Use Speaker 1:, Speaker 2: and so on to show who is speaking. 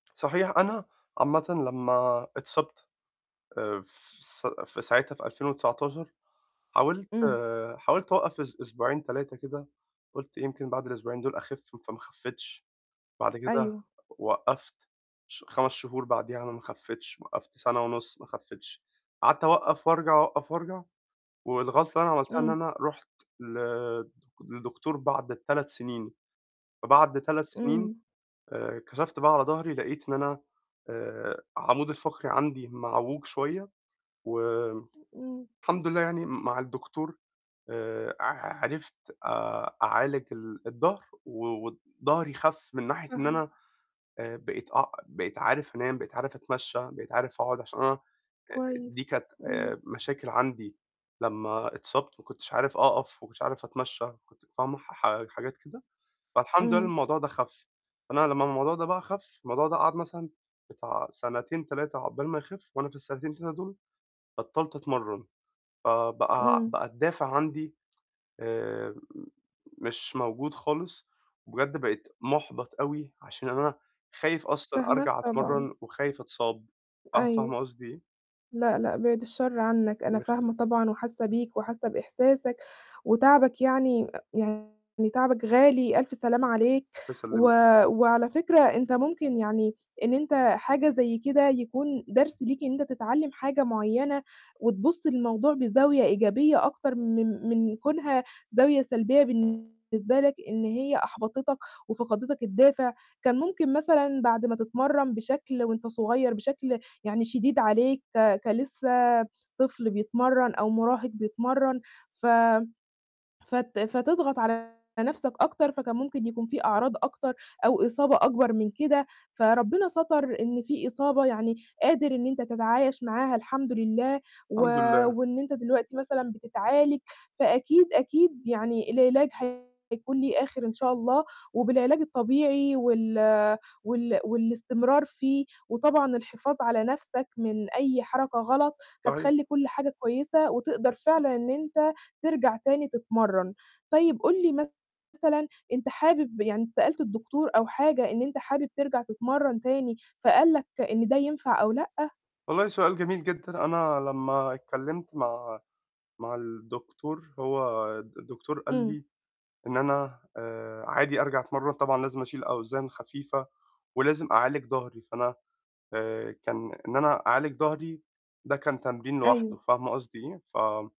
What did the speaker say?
Speaker 1: صحيح، أنا عامةً لمّا اتصابت، آآ في س في ساعتها في 2019 حاولت
Speaker 2: إمم.
Speaker 1: حاولت اوقف أس أسبوعين 3 كده، قُلت يمكن بعد الأسبوعين دُول اخِف فما خَفّيتش، بعد كده
Speaker 2: أيوه.
Speaker 1: وقَّفت ش 5 شهور بعديها أنا ما خَفيتش، وقَّفت سنة ونُص ما خَفيتش، قعدت اوقَّف وارجع، اوقَّف وارجع، والغلطة اللي أنا عملتها إن
Speaker 2: إمم.
Speaker 1: أنا رُحت ل لدكتور بعد 3 سنين، فبعد 3 سنين،
Speaker 2: إمم.
Speaker 1: آآ كَشَفت بقى على ضَهري، لقيت إن أنا آآ عمودي الفقري عندي معووج شوية، و
Speaker 2: إمم.
Speaker 1: الحمد لله يعني م مع الدكتور آآ ع عرفت آآ أعالج ال الضَهر، و وضهري خَف من ناحية إن
Speaker 2: فاهمة.
Speaker 1: أنا آآ بقيت أ بقيت عارف أنام، بقيت عارف أتمشى، بقيت عارف أقعد عشان أنا، آآ دي
Speaker 2: كويس.
Speaker 1: كانت آآ
Speaker 2: إمم.
Speaker 1: مشاكل عندي لمّا اتصابت ما كُنتش عارف أقف، ما كنتش عارف أتمشى، كنت فاهمة، ح حاجات كده، فالحمد لله إن
Speaker 2: إمم.
Speaker 1: الموضوع ده خَف، فأنا لمّا الموضوع ده بقى خَف، الموضوع ده قعد مثلًا بتاع سنتين 3 عقبال ما يخِف، وأنا في السنتين 3 دُول بطلّت أتمرن، آآ بقى
Speaker 2: إمم.
Speaker 1: بقى الدافع عندي آآ مش موجود خالص، وبجد بقيت مُحبَط أوي عشان أنا خايف أصلًا
Speaker 2: فاهماك
Speaker 1: أرجع
Speaker 2: طبعًا.
Speaker 1: أتمرّن وخايف أتصاب، ف فاهمة
Speaker 2: أيوه.
Speaker 1: قصدي إيه؟
Speaker 2: لأ، لأ، بِعد الشر عنّك، أنا
Speaker 1: ربنا يخلّيكِ.
Speaker 2: فاهمة طبعًا وحاسّة بيك وحاسّة بإحساسك وتعبك يعني يعني تعبك غالي، ألف سلامة عليك،
Speaker 1: الله
Speaker 2: و
Speaker 1: يسلمِك.
Speaker 2: وعلى فكرة أنت ممكن يعني إن أنت حاجة زي كده يكون درس ليك إن أنت تتعلّم حاجة معيّنة، وتبُصّ للموضوع بزاوية إيجابية أكتر من من كونها زاوية سلبية بالنسبة لك، إن هي أحبطتك وفَقَدتك الدافع، كان ممكن مثلًا بعد ما تتمرّن بشكل وأنت صغيّر بشكل يعني شديد عليك، ك كلسّه طفل بيتمرّن أو مراهق بيتمرّن، ف فت فتضغط على نفْسك أكتر، فكان ممكن يكون في أعراض أكتر أو إصابة أكبر من كده، فربنا سَتَر إن في إصابة يعني قادر إن أنت تتعايش معاها الحمد لله، و
Speaker 1: الحمد لله.
Speaker 2: وإن أنت دلوقتي مثلًا بتتعالج، فأكيد، أكيد يعني العلاج هيكون ليه آخر إن شاء الله، وبالعلاج الطبيعي وال وال والاستمرار فيه، وطبعًا الحفاظ على نفْسك من أي حركة غلط
Speaker 1: صحيح.
Speaker 2: هتخلّي كلّ حاجة كويسة، وتقدر فعلًا إن أنت ترجع تاني تتمرّن، طيب قُل لي مثلًا، أنت حابب يعني أنت سألت الدكتور أو حاجة إن أنت حابب ترجع تتمرّن تاني، فقال لك إن ده ينفع أو لأ؟
Speaker 1: والله سؤال جميل جدًا. أنا لمّا اتكلّمت مع مع الدكتور، هو الدكتور قال
Speaker 2: إمم.
Speaker 1: لي إن أنا آآ عادي أرجع أتمرّن، طبعًا لازم أشيل أوزان خفيفة ولازم أعالج ضَهري، فأنا آآ كان إن أنا أعالج ضَهري ده كان تمرين لوحده،
Speaker 2: أيوه.
Speaker 1: فاهمة قصدي إيه؟ ف